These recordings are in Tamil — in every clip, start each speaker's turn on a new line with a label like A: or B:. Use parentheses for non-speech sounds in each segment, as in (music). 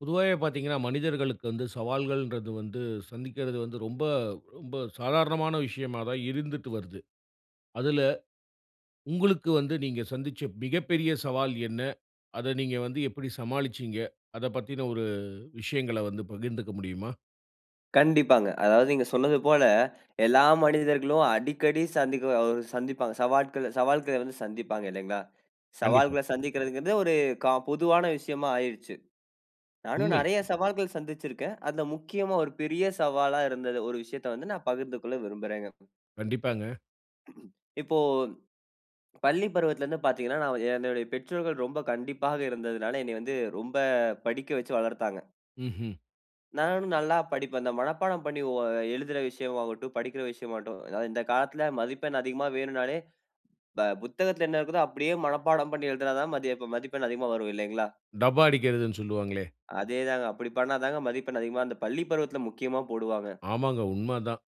A: பொதுவாவே பார்த்தீங்கன்னா, மனிதர்களுக்கு வந்து சவால்கள்ன்றது வந்து சந்திக்கிறது வந்து ரொம்ப, ரொம்ப சாதாரணமான விஷயமா தான் இருந்துட்டு வருது. அதுல உங்களுக்கு வந்து நீங்க சந்திச்ச மிகப்பெரிய சவால் என்ன? அத நீங்க வந்து எப்படி சமாளிச்சீங்க? அதப்பத்தின ஒரு விஷயங்கள வந்து பகிர்ந்துக்க முடியுமா?
B: கண்டிப்பாங்க. அதாவது நீங்க சொன்னதுபோல (inhales) எல்லா மனிதர்களும் அடிக்கடி சந்திக்கவ ஓ சந்திப்பாங்க, சவாட்கள சவால்கள்ல வந்து சந்திப்பாங்க இல்லங்களா!
A: கண்டிப்பா.
B: சவால்கள்ல சந்திக்கறது வந்து ஒரு காம் பொதுவான விஷயமா ஆயிருச்சு. நானும்
A: உண்மை.
B: நிறையா சவால்கள் சந்திச்சிருக்கேன். அதுல முக்கியமா ஒரு பெரிய சவாலா இருந்தது, ஒரு விஷயத்த வந்து நான் பகிர்ந்து கொள்ள விரும்புறேங்க.
A: கண்டிப்பாங்க.
B: (clears throat) இப்போ பள்ளி பருவத்துல இருந்து பார்த்தீங்கன்னா! "நான் என்னோடய பெற்றோர்கள் ரொம்ப கண்டிப்பாக இருந்ததனால என்னய வந்து ரொம்ப படிக்க வைச்சு வளர்த்தாங்க."
A: ம்ஹ்ம்.
B: "நானும் நல்லா படிப்பேன்." இந்த மனப்பாடம் பண்ணி ஓ எழுதுற விஷயம் ஆகட்டும், படிக்கிற விஷயமாகட்டும். இந்த காலத்தில மதிப்பெண் அதிகமா வேணும்னாலே ப புத்தகத்துல என்ன இருக்குதோ அப்டியே மனப்பாடம் பண்ணி எழுதுனா தான் மதிய மதிப்பெண் அதிகமா வரும் இல்லைங்களா?
A: டப்பா அடிக்கிறதுன்னு சொல்லுவாங்களே!
B: அதே தாங்க. அப்படி பண்ணாதாங்க மதிப்பெண் அதிகமா அந்த பள்ளி பருவத்துல முக்கியமா போடுவாங்க.
A: ஆமாங்க, உண்மதான்.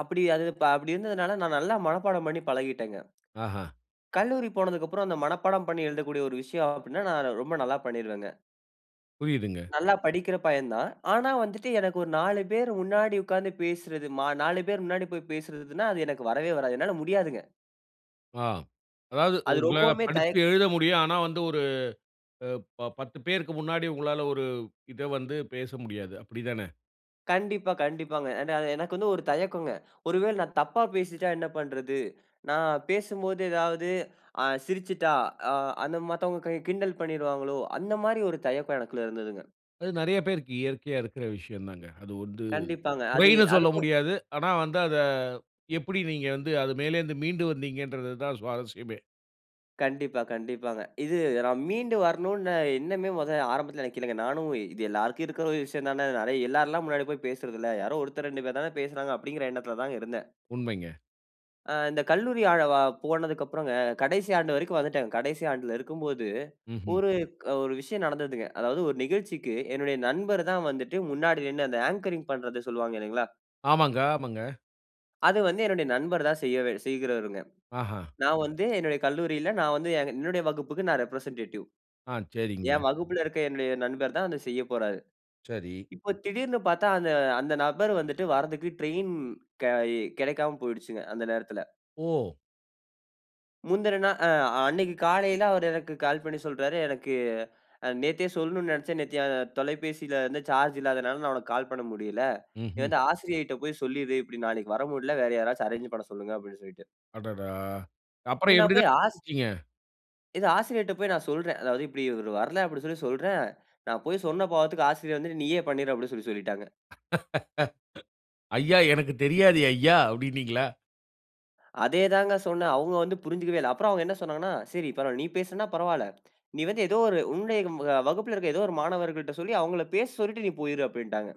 B: அப்டி அது அப்டி இருந்ததனால நா நல்லா மனப்பாடம் பண்ணி பழகிட்டேங்க.
A: ஆஹ்ம்.
B: கல்லூரி போனதுக்கு அப்புறம் அந்த மனப்பாடம் பண்ணி எழுதக்கூடிய ஒரு விஷயம் அப்டின்னா நா ரொம்ப நல்லா பண்ணிருவேங்க.
A: புரியுதுங்க.
B: நல்லா படிக்கிற பையன் தான். ஆனா வந்துட்டு எனக்கு ஒரு 4 பேர் முன்னாடி உட்காந்து பேசுறது மா 4 பேர் முன்னாடி போய் பேசுறதுன்னா அது எனக்கு வரவே வராது. என்னால முடியாதுங்க.
A: ஆ. அதாவது
B: அது
A: உங்களால
B: ரொம்பவுமே,
A: படிச்சு
B: தயக்
A: எழுத முடியும். ஆனா, வந்து ஒரு அ 10 பேருக்கு முன்னாடி உங்களால ஒரு இத வந்து பேச முடியாது. அப்டி தான?
B: கண்டிப்பா, கண்டிப்பாங்க. நா எ எனக்கு வந்து ஒரு தயக்கங்க. (inhales) ஒரு வேள நா தப்பா பேசிட்டா என்ன பண்ணறது? நா பேசும்போது ஏதாவது (inhales) ஆ சிரிச்சுட்டா, ஆ அந்த மத்தவங்க கிண்டல் பண்ணிருவாங்களோ? அந்த மாரி ஒரு தயக்கம் எனக்குள இருந்ததுங்க.
A: அது நறைய பேருக்கு இயற்கையா இருக்குற விஷயம் தான்ங்க. அது வந்து
B: கண்டிப்பாங்க, அது
A: குறைன்னு சொல்ல
B: அதுவும்
A: முடியாது. ஆனா வந்து அத எப்டி நீங்க வந்து அது மேலேந்து மீண்டு வந்தீங்கறது தான் சுவாரசியமே.
B: கண்டிப்பா, கண்டிப்பாங்க, இது நா மீண்டு வரணுனு எண்ணமே மொத ஆரம்பத்தில எனக்கு இல்லங்க. நானும் "இது எல்லாருக்கு இருக்கிற ஒரு விஷயம் தான அது எல்லாருல்லா முன்னாடி போய் பேசுறது இல்ல. யாரோ 1த்தர் 2 பேர் தானே பேசுறாங்க" அப்டிங்கற எண்ணத்தில தான்ங்க இருந்தே.
A: உண்மைங்க.
B: ஆ இந்த கல்லூரி அவ்வளவா போனதுக்கப்புறம்ங்க கடைசி ஆண்டு வரைக்கும் வந்துட்டேன். கடைசி ஆண்டுல இருக்கும்போது,
A: ம்ஹ்ம்.
B: ஒரு க ஒரு விஷயம் நடந்ததுங்க. அதாவது ஒரு நிகழ்ச்சிக்கு என்னுடைய நண்பரு தான் வந்துட்டு முன்னாடி நின்னு அந்த அங்கரிங் பண்றத சொல்வாங்க இல்லைங்களா?
A: ஆமாங்க, ஆமாங்க.
B: அது வந்து என்னுடைய நண்பர் தான் செய்யவ செய்கிறவருங்க.
A: ஆஹ.
B: நான் வந்து என்னுடைய கல்லூரில நான் வந்து என்னுடைய வகுப்புக்கு நா ரெப்ரசன்ட்டேடிவ்
A: ஆ, சேரிங்க.
B: என் வகுப்புல இருக்க என்னுடைய நண்பர் தான் அத செய்ய போறாரு.
A: சரி.
B: இப்போ திடீர்னு பாத்தா அந்த, அந்த நபர் வந்துட்டு வாரதுக்கு ட்ரைன் க இ கிடைக்காம போய்டுச்சுங்க அந்த நேரத்துல.
A: ஓ!
B: முந்துன நாள் அ அன்னைக்கு காலையில அவரு எனக்கு கால் பண்ணி சொல்றாரு. எனக்கு அ நேத்தே சொல்லணுனு நெனைச்சேன். நேத்தி அ தொலைபேசிலருந்து சார்ஜ் இல்லாதனால நான் உனக்கு கால் பண்ண முடில. நீ
A: ம்ஹ்ம்.
B: வந்து ஆசிரியைட்ட போய் சொல்லிரு. இப்டி நாளைக்கு வர முடில. வேற யாராச்சு அரேஞ்சு நான் பண்ண சொல்லுங்க அப்டின்னு சொல்லிட்டு.
A: அடடா!
B: இது
A: அப்பறம்
B: நான்
A: எப்டி தான்
B: போய் ஆஸ்
A: (unintelligible)
B: இத ஆசிரியர்ட போய் நான் சொல்றேன். அதாவது இப்டி இவரு வர்ல அப்டி சொல்லி சொல்றேன், நா போய் சொன்ன பாவத்துக்கு ஆசிரியர் வந்து நீயே பண்ணிரு அப்டி சொல்லி சொல்லிட்டாங்க.
A: (laughs) ஐயா எனக்குத் தெரியாதெய்யா அப்டீன்னீங்களா?
B: (inhales) அதேதாங்க சொன்னேன். அவுங்க வந்து புரிஞ்சுக்கவே இல்ல. அப்புறம் அவங்க என்ன சொன்னாங்கன்னா, சரி பரவால்ல நீ பேசுனா பரவால்ல. (smacks lips) நீ வந்து ஏதோ ஒரு உன்னுடைய அ வகுப்பில இருக்ற ஏதோ ஒரு மாணவர்கள்ட சொல்லி அவங்கள பேச சொல்ட்டு நீ போய்ரு அப்டின்டாங்க.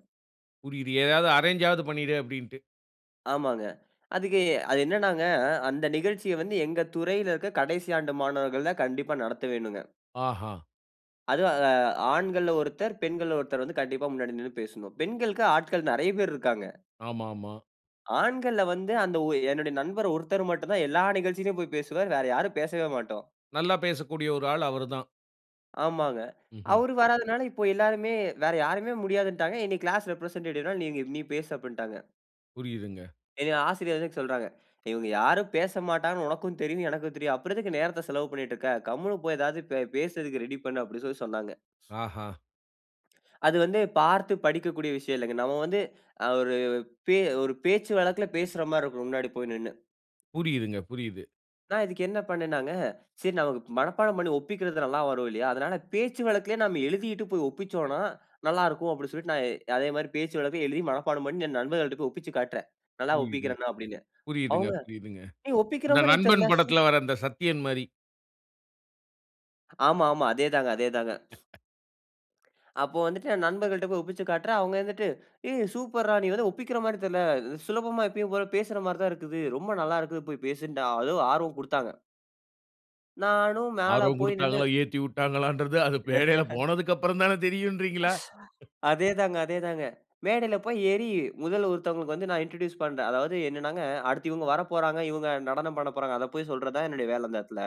A: புரியுது. ஏதாவது அரேன்ஜ்ஜாவது பண்ணிடு அப்டீன்ட்டு.
B: ஆமாங்க. அதுக்கு அது என்னனா? அந்த நிகழ்ச்சிய வந்து எங்க துறையில இருக்க கடைசி ஆண்டு மாணவர்கள் தான் கண்டிப்பா நடத்த வேணுங்க.
A: ஆஹா.
B: அதுவும் அ ஆண்கள்ல ஒருத்தர், பெண்கள்ல ஒருத்தர் வந்து கண்டிப்பா முன்னாடி நின்னு பேசனும். பெண்களுக்கு ஆட்கள் நறைய பேர் இருக்கங்க.
A: ஆமாமா.
B: ஆண்கள்ல வந்து அந்த ஓ என்னோட நண்பர் ஒருத்தர் மட்டும் தான் எல்லா நிகழ்ச்சிலுயும் போய் பேசுவார். வேற யாரும் பேசவே மாட்டோம்.
A: நல்ல பேசக்கூடிய ஒரு ஆள் அவரு தான்.
B: ஆமாங்க.
A: ம்ஹ்ம்.
B: அவரு வராதனால இப்போ எல்லாருமே வேற யாரையுமே முடியாதுன்னுட்டாங்க. என்னைய கிளாஸ் ரெப்ரசென்டேட்டிவ்னா நீ நீ பேசு அப்டின்னுட்டாங்க.
A: புரியிதுங்க.
B: என் ஆசிரியர் ஏதுக்கு சொல்லுறாங்க. (inhales) இவங்க யாரும் பேசமாட்டாங்கன்னு, உனக்கும் தெரியும், எனக்கும் தெரியும். அப்புறம் எதுக்கு நேரத்த செலவு பண்ணிட்டு இருக்க? கம்முனு போய் ஏதாவது பே பேசுறதுக்கு ரெடி பண்ணு அப்டீன்னு சொல்லி சொன்னாங்க.
A: ஆஹா.
B: அது வந்து பார்த்து படிக்கக்கூடிய விஷயம் இல்லங்க. நம்ம வந்து (inhales) அ ஒரு பே ஒரு பேச்சு வழக்குல பேசுற மாரி இருக்கும். முன்னாடி போய் நின்னு.
A: புரியுதுங்க, புரியுது.
B: நான் இதுக்கு என்ன பண்ணினேன்னாங்க? சரி நமக்கு மனப்பாடம் பண்ணி ஒப்பிக்குறது நல்ல வரும் இல்லையா? அதனால பேச்சு வழக்குலேயே நம்ம எழுதிட்டு போய் ஒப்பிச்சோம்னா நல்ல இருக்கும். அப்டீன்னு சொல்லிட்டு நான் அதே மாரி பேச்சு வழக்குல எழுதி மனப்பாடம் பண்ணிட்டு என் நண்பர்கள்ட்ட போய் ஒப்பிச்சிக் காட்டுறேன். நல்ல
A: புரியுது,
B: ஒப்பிக்குறான? அப்டீன்னு.
A: புரியுதுங்க,
B: அவங்க
A: புரியுதுங்க.
B: நீ ஒப்பிக்குற
A: அந்த
B: மாரியே
A: நண்பன்
B: தெரில.சூப்
A: படத்தில வர அந்த சத்தியன் மாரி.
B: ஆமாமா! அதே தாங்க. அதே தாங்க. அப்போ வந்துட்டு நான் நண்பர்கள்ட்ட போய் ஒப்பிச்சு காட்றேன். அவங்க இருந்துட்டு, "ஏய் சூப்பர்ரா நீ வந்து ஒப்பிக்கற மாதிரி தெரில. சுலபமா எப்பயும் போல பேசுற மாதிரி தான் இருக்குது. ரொம்ப நல்லா இருக்கு. போய் பேசுன்னுட்டாங்க" அதுவும் ஆர்வம் கொடுத்தாங்க. நானும் மேல
A: ஆர்வம்
B: போய் நின்னு
A: குடுத்தாங்களா, ஏத்திவுட்டாங்களான்றது அது பேடைல
B: (laughs)
A: போனதுக்கப்பறந்தான தெரியூன்றீங்களா?
B: அதே தாங்க. அதே தாங்க. மேடைல போய் ஏறி, முதல்ல ஒருத்தவங்களுக்கு வந்து நான் இன்ட்ரடியூஸ் பண்ணுறேன். அதாவது என்னன்னாங்க, அடுத்து இவங்க வரப்போறாங்க, இவங்க நடனம் பண்ண போறாங்க. அத போய் சொல்றது தான் என்னுடைய வேல அந்த இடத்தில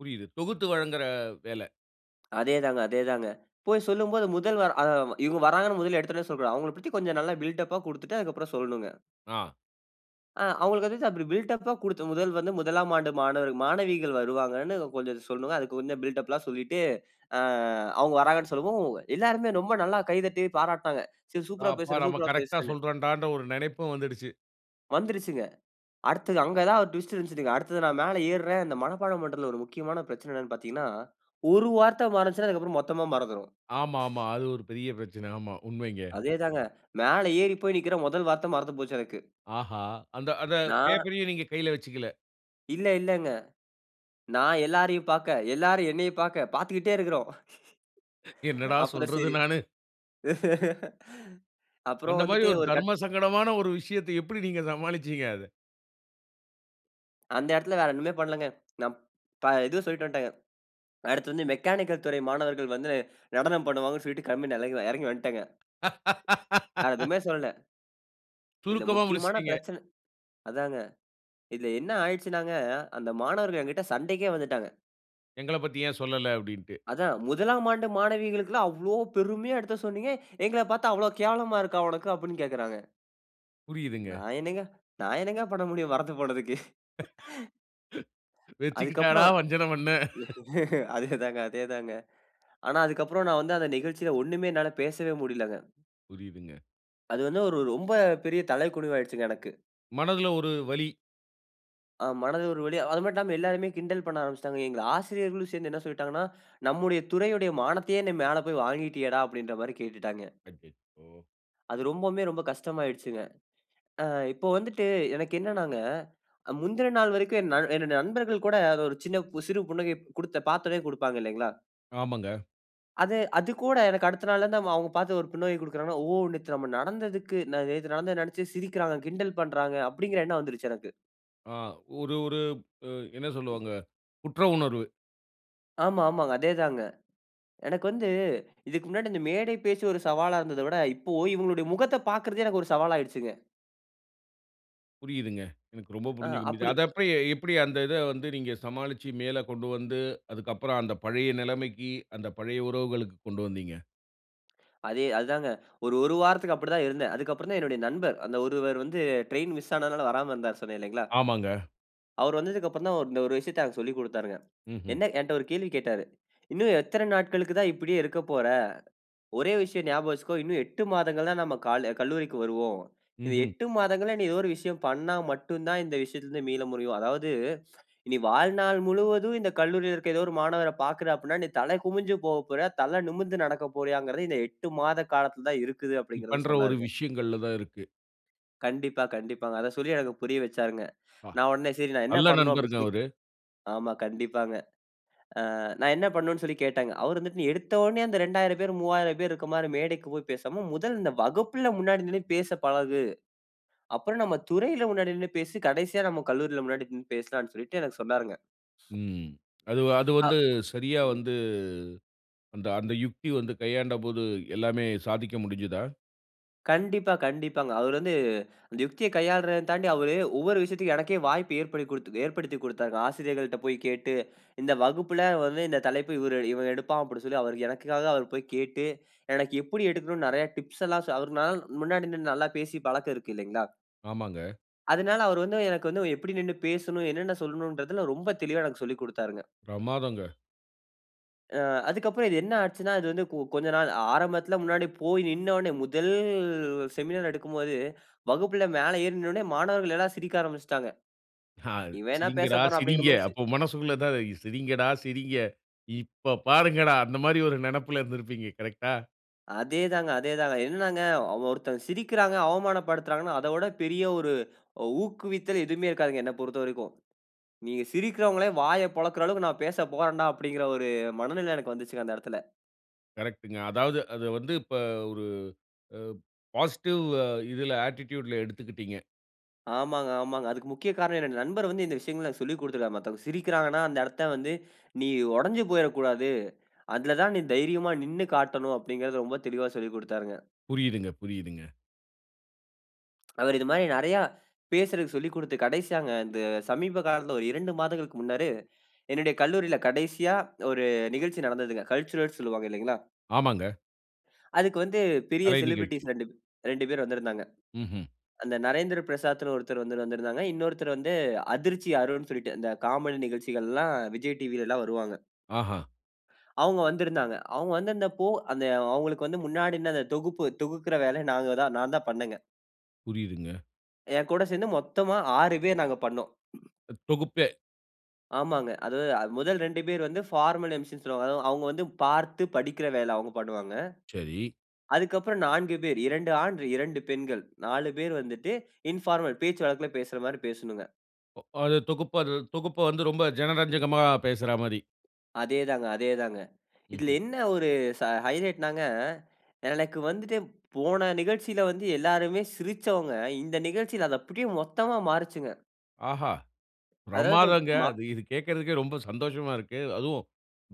A: புரியுது. தொகுத்து வழங்குற வேல.
B: அதே தாங்க. அதே தாங்க. போய் சொல்லும்போது முதல் வா அ இவங்க வராங்கன்னு முதல எடுத்தோனயே சொல்லக்கூடாது. அவங்கள பத்தி கொஞ்சம் நல்லா பில்டப்பா கொடுத்துட்டு, அதுக்கு அப்புறம் சொல்லணும்ங்க.
A: அ.
B: அ அவுங்களுக்கு (unintelligible) பில்டப்‌பா கொடுத்த முதல் வந்து, 1ஆம் ஆண்டு மாணவர் மாணவிகள் வருவாங்கன்னு கொஞ்சம் சொல்லணுங்க. அதுக்கு கொஞ்சம் பில்டப்லாம் சொல்லிட்டு (inhales) அ அவுங்க வராங்கன்னு சொல்லவும், எல்லாருமே ரொம்ப நல்லா கைதட்டி பாராட்னாங்க. சரி சூப்பரா
A: அப்பா!
B: பேசுற!
A: நம்ம
B: சூப்பரா
A: கரெக்ட்டா
B: பேசுறன்னு!
A: சொல்றோம்டான்ற ஒரு நெனைப்பும் வந்துடுச்சி.
B: வந்துருச்சுங்க. அடுத்தது அங்க தான் ஒரு ட்விஸ்ட் இருஞ்சுதுங்க! அடுத்தது நான் மேல ஏறுறேன். இந்த மனப்பாடம் பன்றத்துல ஒரு முக்கியமான பிரச்சன என்னன்னு பார்த்தீங்கன்னா, ஒரு வார்த்த மறந்துச்சுன்னா, அதுக்கப்புறம் மொத்தமா மறந்துரும்.
A: ஆமாமா. அது ஒரு பெரிய பிரச்சன. ஆமா, உண்மைங்க.
B: அதே தாங்க. மேல ஏறி போய் நிக்குறேன். முதல் வார்த்த மறந்து போச்சு எனக்கு
A: ஆஹா! அந்த அந்த
B: நா
A: பேப்பரையும் நீங்க கைல வச்சுக்கல?
B: இல்ல, இல்லங்க. நா எல்லாரையும் பார்க்க, எல்லாரும் என்னைய பார்க்க பார்த்துக்கிட்டே இருக்கிறோம்.
A: என்னடா
B: (laughs) அப்புறம்
A: சொல்றது,
B: சரி.
A: நானு?
B: (laughs) அப்புறம்
A: அந்த மாதிரி
B: வந்துட்டு
A: ஒரு
B: ஒரு கட்
A: தர்ம சங்கடமான ஒரு விஷயத்த எப்டி நீங்க சமாளிச்சீங்க, அத?
B: அந்த இடத்துல வேற ஒண்ணுமே பண்ணலங்க. ந ப இதுவும் சொல்ட்டு வந்துட்டேங்க. அடுத்து வந்து மெக்கானிக்கல் துறை மாணவர்கள் வந்து (inhales) நடனம் பண்ணுவாங்கன்னு சொல்ட்டு கிளம்பி நடந்து ஆ இறங்கி வந்துட்டேங்க. வேற எதுவுமே
A: (laughs)
B: சொல்லல. இதில
A: சுருக்கமா
B: முக்கியமான
A: முடிச்சுட்டீங்க!
B: பிரச்சன அதாங்க. இதுல என்ன ஆயிடுச்சுனாங்க. அந்த மாணவர்கள் என்கிட்ட சண்டைக்கே வந்துட்டாங்க.
A: எங்களப் பத்தி ஏன் சொல்லல அப்டின்டு.
B: அதான் 1ஆம் ஆண்டு மாணவிகளுக்குல்லாம் அவ்ளோ பெருமையா எடுத்து சொன்னீங்க. (inhales) எங்கள பாத்தா அவ்ளோ கேவலமா இருக்கா உனக்கு? அப்டின்னு கேட்கறாங்க. நா
A: புரியுதுங்க.
B: என்னங்க, நா என்னங்க பண்ண முடியும், மறந்து போனதுக்கு. (laughs)
A: (laughs) வெச்சுக்கிட்டாடா
B: அதுக்கப்புறம்
A: வஞ்சன பண்ணே. (laughs)
B: (laughs) அதே தாங்க, அதே தாங்க. (inhales) ஆனா, அதுக்கப்புறம் நான் வந்து அந்த நிகழ்ச்சில ஒண்ணுமே என்னால பேசவே முடியலங்க.
A: புரியுதுங்க.
B: அது வந்து ஒரு ரொம்ப பெரிய தலைகுனிவு ஆகிடுச்சுங்க எனக்கு.
A: மனதுல ஒரு வலி!
B: ஆ மனது ஒரு வலியா. அது மட்டுமில்லாம எல்லோருமே கிண்டல் பண்ண ஆரம்பிச்சிட்டாங்க. எங்கள ஆசிரியர்களும் சேர்ந்து என்ன சொல்லிட்டாங்கன்னா, (inhales) நம்முடைய துறையுடைய மானத்தையே நீ மேல போய் வாங்கிட்டியேடா! அப்டின்ற மாரி கேட்டுட்டாங்க.
A: அச்சச்சோ!
B: அது ரொம்பவுமே ரொம்ப கஷ்டமாயிடிச்சிங்க. ஆ இப்ப வந்துட்டு, எனக்கு என்னானாங்க, முந்தின நாள் வரைக்கும் என் நல் என்னுடைய நண்பர்கள் கூட அத ஒரு சின்ன பு சிறு புன்னகை குடுத்த பாத்தவன்னே குடுப்பாங்க இல்லைங்களா?
A: ஆமாங்க.
B: அத அது கூட எனக்கு அடுத்த நாள்ல இருந்து அவுங்க பாத்து ஒரு புன்னகை குடுக்கிறாங்கன்னா, "ஓ! நேத்து நம்ம நடந்ததுக்கு ந நேத்து நடந்தத நெனைச்சு சிரிக்கிறாங்க, கிண்டல் பண்றாங்க" அப்டிங்கிற எண்ணம் வந்துருச்சு எனக்கு.
A: ஆ ஒரு, ஒரு எ என்ன சொல்லுவாங்க. குற்ற உணர்வு.
B: ஆமா, ஆமாங்க. அதேதாங்க. எனக்கு வந்து, இதுக்கு முன்னாடி இந்த மேடை பேச்சு ஒரு சவாலா இருந்தத விட, இப்போ இவுங்களுடைய முகத்த பாக்குறதே எனக்கு ஒரு சவாலாயிடுச்சுங்க!
A: புரியுதுங்க. எனக்கு ரொம்ப
B: ஆ.
A: புரிஞ்சுக்க முடியுது.
B: அப்படி
A: அத அப்ப எப்படி, அந்த இத வந்து நீங்க சமாளிச்சி, மேல கொண்டு வந்து, அதுக்கப்பறம் அந்த பழைய நெலமைக்கி, அந்த பழைய உறவுகளுக்குக்கு கொண்டு வந்தீங்க?
B: அதே அது தாங்க. ஒரு ஒரு வாரத்துக்கு அப்படி தான் இருந்தேன். அதுக்கப்புறந்தான் என்னுடைய நண்பர். அந்த ஒருவர். வந்து ட்ரெயின் மிஸ் ஆனதனால வராம இருந்தார் சொன்னே இல்லங்களா?
A: ஆமாங்க.
B: அவரு வந்ததுக்கப்புறந்தான், இந்த ஒரு விஷயத்த எனக்கு சொல்லிக் குடுத்தாருங்க.
A: ம்ஹ்ம்.
B: என்ன என்ட ஒரு கேள்வி கேட்டாரு. "இன்னும் எத்தன நாட்களுக்கு தான் இப்படியே இருக்க போற? ஒரே விஷயம் ஞாபகம் வச்சுக்கோ. இன்னும் 8 மாதங்கள் தான் நம்ம கால கல்லூரிக்கு வருவோம். இந்த
A: ம்ஹ்ம்.
B: 8 மாதங்கள்ல நீ ஏதோ ஒரு விஷயம் பண்ணா மட்டும் தான் இந்த விஷயத்துல இருந்து மீள முடியும். அதாவது, நீ வாழ்நாள் முழுவதும் இந்த கல்லூரியில இருக்குற, ஏதோ ஒரு மாணவர பாக்குற அப்டினா, நீ தல குமிஞ்சு போக போறயா? தல நிமிந்து நடக்க போறியாங்கிறது இந்த 8 மாத காலத்துல தான் இருக்குது"
A: ம்,
B: அப்டிங்கிறத
A: பண்ற ஒரு
B: சொன்னாருங்க.
A: விஷயங்கள்ல தான் இருக்கு.
B: கண்டிப்பா, கண்டிப்பாங்க. அத சொல்லி எனக்கு புரிய வச்சாருங்க. (inhales)
A: வா.
B: நான் உடனே சரி நான் என்ன
A: நல்ல
B: பண்ணனும் அப்படின்னு
A: நண்பருங்க
B: சொல்லி
A: அவரு.
B: ஆமா கண்டிப்பாங்க. அ நான் என்ன பண்ணனும்ன்னு சொல்லி கேட்டேங்க. அவர் வந்துட்டு "நீ எடுத்த உடனே அந்த 2000 பேர் 3000 பேர் இருக்க மாரி மேடைக்கு போய் பேசாம முதல் இந்த வகுப்பில முன்னாடி நின்னு பேச பழகு. அப்பறம் நம்ம துறையில முன்னாடி நின்னு பேசு. கடைசியா நம்ம கல்லூரியில முன்னாடி நின்னு பேசலாம்ன்னு" சொல்லிட்டு எனக்கு சொன்னாருங்க.
A: ம். அதுவ அது
B: அ.
A: வந்து சரியா வந்து அந்த, அந்த யுக்தி வந்து கையாண்டபோது எல்லாமே சாதிக்க முடிஞ்சுதா?
B: கண்டிப்பா, கண்டிப்பாங்க. அவர் வந்து (inhales) அந்த யுக்தியை கையாளுறதையும் தாண்டி, அவரு ஒவ்வொரு விஷயத்துக்கும் எனக்கே வாய்ப்பு ஏற்படுத்திக் குடுத் ஏற்படுத்திக் குடுத்தார்ங்க. ஆசிரியர்கள்ட்ட போய் கேட்டு (inhales) இந்த வகுப்பில வந்து "இந்த தலைப்பு இவரு இவன் எடுப்பான்" அப்படின்னு சொல்லி அவர் எனக்காக அவரு போய் கேட்டு (inhales) எனக்கு எப்படி எடுக்கணும்னு நிறைய டிப்ஸ் எல்லாம் சொ அவரு "நான் முன்னாடி நின்னு நல்லா பேசி பழக்கம் இருக்கு இல்லைங்களா?"
A: ஆமாங்க.
B: அதனால அவர் வந்து எனக்கு வந்து எப்படி நின்னு பேசணும், என்னென்ன சொல்லணும்ன்றதில ரொம்ப தெளிவா எனக்கு சொல்லிக் குடுத்தாருங்க.
A: பிரமாதங்க.
B: அ. அதுக்கப்பறம் இது என்ன ஆச்சுன்னா அது வந்து கொ கொஞ்ச நாள் ஆரம்பத்தில முன்னாடி போய் நின்ன உடனே முதல் செமினார் எடுக்கும்போது (inhales) வகுப்பில மேல ஏறி நின்ன உடனே மாணவர்கள் எல்லாம் சிரிக்க ஆரம்பிச்சுட்டாங்க.
A: ஹா!
B: "இவன் என்ன
A: சிரிங்கடா,
B: பேசப்போறான்?" அப்படிங்கிற
A: சிரிங்க.
B: மாரி சி
A: அப்ப மனசுக்குள்ள இதான் இருக் "சிரிங்கடா, சிரிங்க. இப்ப பாருங்கடா" அந்த மாதிரி ஒரு நெனைப்புல இருந்திருப்பீங்க கரெக்டா?
B: அதே தாங்க அதே தாங்க. என்னனாங்க ஒருத்தர் சிரிக்கிறாங்க, அவமானப்படுத்துறாங்கன்னா, அத ஓட பெரிய ஒரு (inhales) ஊக்குவித்தல் எதுவுமே இருக்காதுங்க, என்னை பொறுத்தவரைக்கும். நீங்க சிரிக்கிறவங்களே வாய பொளக்குற அளவுக்கு நான் பேச போறேன்டா அப்டிங்கிற ஒரு மனநிலை எனக்கு வந்துச்சுங்க அந்த இடத்தில.
A: கரெக்ட்டுங்க. அதாவது அத வந்து இப்ப ஒரு அ பாசிட்டிவ் அ இதில ஆட்டிட்டியூட்‌ல எடுத்துக்கிட்டீங்க.
B: ஆமாங்க, ஆமாங்க. அதுக்கு முக்கிய காரணம் என்னோட நண்பர் வந்து இந்த விஷயங்கள சொல்லிக் குடுத்திருக்கிறார். மத்தவங்க சிரிக்கிறாங்கன்னா அந்த இடத்தை வந்து (inhales) நீ ஒடஞ்சி போய்றக்கூடாது. (inhales) அதில தான் நீ தைரியமா நின்னு காட்டணும் அப்டிங்கிறது ரொம்ப தெளிவா சொல்லிக் குடுத்தாருங்க.
A: புரியுதுங்க, புரியுதுங்க.
B: அவர் இது மாரி நறைய (inhales) பேசுறதுக்கு சொல்லிக் குடுத்து, கடைசியாங்க இந்த சமீப காலத்தில ஒரு 2 மாதங்களுக்கு முன்னரு (inhales) என்னுடைய கல்லூரியில கடைசியா ஒரு நிகழ்ச்சி நடந்ததுங்க. கல்ச்சுரல்ஸ் சொல்லுவாங்க இல்லைங்களா?
A: ஆமாங்க.
B: (inhales) அதுக்கு வந்து பெரிய
A: கலை
B: செலிபிரிட்டிஸ்
A: நிகழ்ச்சி.
B: 2 ப் 2 பேர் வந்திருந்தாங்க.
A: ம்ஹ்ம்.
B: அந்த "நரேந்திர பிரசாத்ன்னு" ஒருத்தர் வந்து வந்திருந்தாங்க. இன்னொருத்தர் வந்து "அதிர்ச்சி அருண்னு" சொல்லிட்டு இந்த காமெடி நிகழ்ச்சிகள்லாம் விஜய் டிவிலலாம் வருவாங்க.
A: ஆஹா.
B: (inhales) அவுங்க வந்திருந்தாங்க. அவுங்க வந்திருந்தப்போ அந்த அவுங்களுக்கு வந்து முன்னாடி நின்னு அந்த தொகுப்பு தொகுக்குற வேலைய நாங்க தான் நான் தான் பண்ணேங்க.
A: புரியிதுங்க.
B: என்கூட சேர்ந்து மொத்தமா 6 பேர் நாங்க பண்னோம்.
A: தொகுப்பே.
B: ஆமாங்க. அது முதல் 2 பேர் வந்து பார்மல் எம்சின்னு சொல்லுவாங்க. அதாவது அவுங்க வந்து பார்த்து படிக்கிற வேல அவுங்க பண்ணுவாங்க.
A: சரி.
B: அதுக்கு அப்பறம் 4 பேர், 2 ஆண், 2 பெண்கள். 4 பேரு வந்துட்டு (inhales) இன்பார்மல், பேச்சு வழக்கில பேசுறமாரி பேசணுங்க.
A: அது தொகுப்பு அது தொகுப்ப வந்து ரொம்ப ஜனரஞ்சகமா பேசுறாமாரி.
B: அதேதாங்க-அதேதாங்க. (inhales) இதில
A: ம்ஹ்ம்.
B: என்ன ஒரு ச ஹைலைட்னாங்க, (inhales) எனக்கு வந்துட்டு போன நிகழ்ச்சியில வந்து எல்லாருமே சிரிச்சவங்க, இந்த நிகழ்ச்சியில அத அப்பிடியே மொத்தமா மாறுச்சுங்க.
A: ஆஹா!
B: அதாவது,
A: பிரமாதாங்க.
B: மா
A: அது இது கேக்கறதுக்கே ரொம்ப சந்தோஷமா இருக்கு. அதுவும்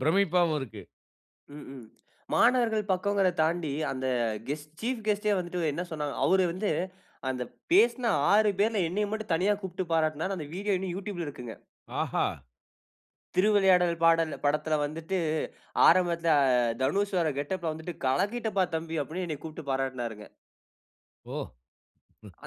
A: பிரமிப்பாவும் இருக்கு.
B: ம், ம். மாணவர்கள் பக்கங்கிறத் தாண்டி அந்த ஹெஸ்ட் சீஃப் ஹெஸ்ட்‌டே வந்துட்டு என்ன சொன்னாங்க, அவரு வந்து (inhales) அந்த பேசின 6 பேர்ல என்னைய மட்டும் தனியா கூப்ட்டு பாராட்னாரு. அந்த வீடியோ இன்னும் You Tubeல இருக்குங்க.
A: ஆஹா!
B: "திருவிளையாடல் பாடல் படத்தில வந்துட்டு, (inhales) ஆரம்பத்தில தனுஷ் வர்ற கெட்டப்ல வந்துட்டு, கலக்கிட்டப்பா தம்பி!" அப்பிடின்னு என்னைய கூப்ட்டு பாராட்டினாருங்க.
A: ஓ!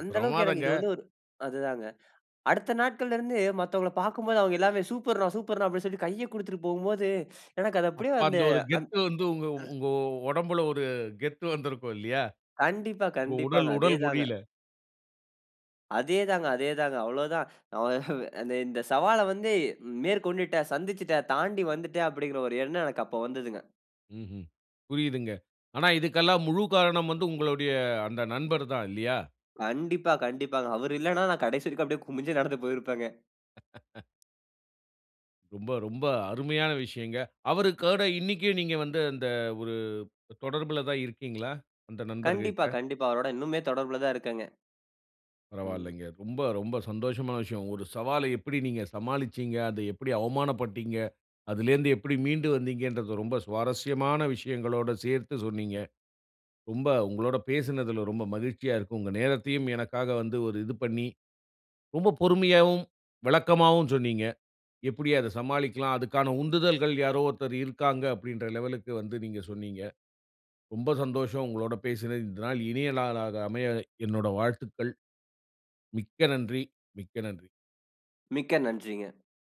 B: அந்த அளவுக்கு எனக்கு
A: பிரமாதங்க.
B: இது வந்து ஒரு அதுதாங்க. (inhales) அடுத்த நாட்கள்ல இருந்து மத்தவங்கள பார்க்கும்போது அவுங்க எல்லாமே "சூப்பர்ன்னா, சூப்பர்ன்னா" அப்பிடினு சொல்லி கைய குடுத்துட்டு போம்போது, (sucks teeth) எனக்கு அது அப்பிடியே
A: அப்ப
B: அந்த,
A: அந்த ஒரு கெத்து வந்து உங்க
B: அந்
A: உங்க ஒடம்புல ஒரு கெத்து வந்திருக்கும் இல்லயா!
B: கண்டிப்பா,
A: உங்க
B: கண்டிப்பாங்க.
A: உடல்
B: அதே
A: உடல்
B: தாங்க.
A: மொழில.
B: அதேதாங்க, அதேதாங்க அவ்வளோதான். (inhales) (chuckles) அ இந்த இந்த சவால வந்து மேற்கொண்டுட்ட, சந்திச்சுட்ட, தாண்டி வந்துட்ட, அப்டிங்கிற ஒரு எண்ணம் எனக்கு அப்ப வந்ததுங்க.
A: ம்ஹ்ம். புரியுதுங்க. ஆனா, இதுக்கெல்லாம் முழு காரணம் வந்து உங்களுடைய அந்த நண்பர்தான் இல்லியா?
B: கண்டிப்பா, கண்டிப்பாங்க. அவரு இல்லனா நான் கடைசி வரைக்கும் அப்டியே குமிஞ்சே நடந்து போயிருப்பேங்க!
A: (laughs) ரொம்ப ரொம்ப அருமையான விஷயங்க. அவருக்கூட இன்னைக்கே நீங்க வந்து அந்த ஒரு தொடர்புல தான் இருக்கீங்களா? அந்த
B: கண்டிப்பா,
A: நண்பர்ககிட்ட.
B: கண்டிப்பா. அவரோட இன்னுமே தொடர்புல தான் இருக்கேங்க. ம்.
A: பரவாயில்லைங்க. ரொம்ப ரொம்ப சந்தோஷமான விஷயம். ஒரு சவால எப்டி நீங்க சமாளிச்சீங்க. அத எப்டி அவமானப்பட்டீங்க? அதுலேந்து எப்டி மீண்டு வந்தீங்கன்றத ரொம்ப சுவாரஸ்யமான விஷயங்களோட சேர்த்து சொன்னீங்க. ரொம்ப உங்களோட பேசுனதுல ரொம்ப மகிழ்ச்சியா இருக்கும். உங்க நேரத்தையும் எனக்காக வந்து ஒரு இது பண்ணி. ரொம்ப பொறுமையாகவும் விளக்கமாவும் சொன்னீங்க. எப்டி அத சமாளிக்லாம். அதுக்கான உந்துதல்கள் யாரோ ஒருத்தர் இருக்காங்க அப்டின்ற லெவலுக்கு வந்து நீங்க சொன்னீங்க. ரொம்ப சந்தோஷம் உங்களோட பேசுனது. இந்த நாள் இனிய நாளாக அமைய என்னுட வாழ்த்துக்கள். மிக்க நன்றி, மிக்க நன்றி.
B: மிக்க நன்றிங்க.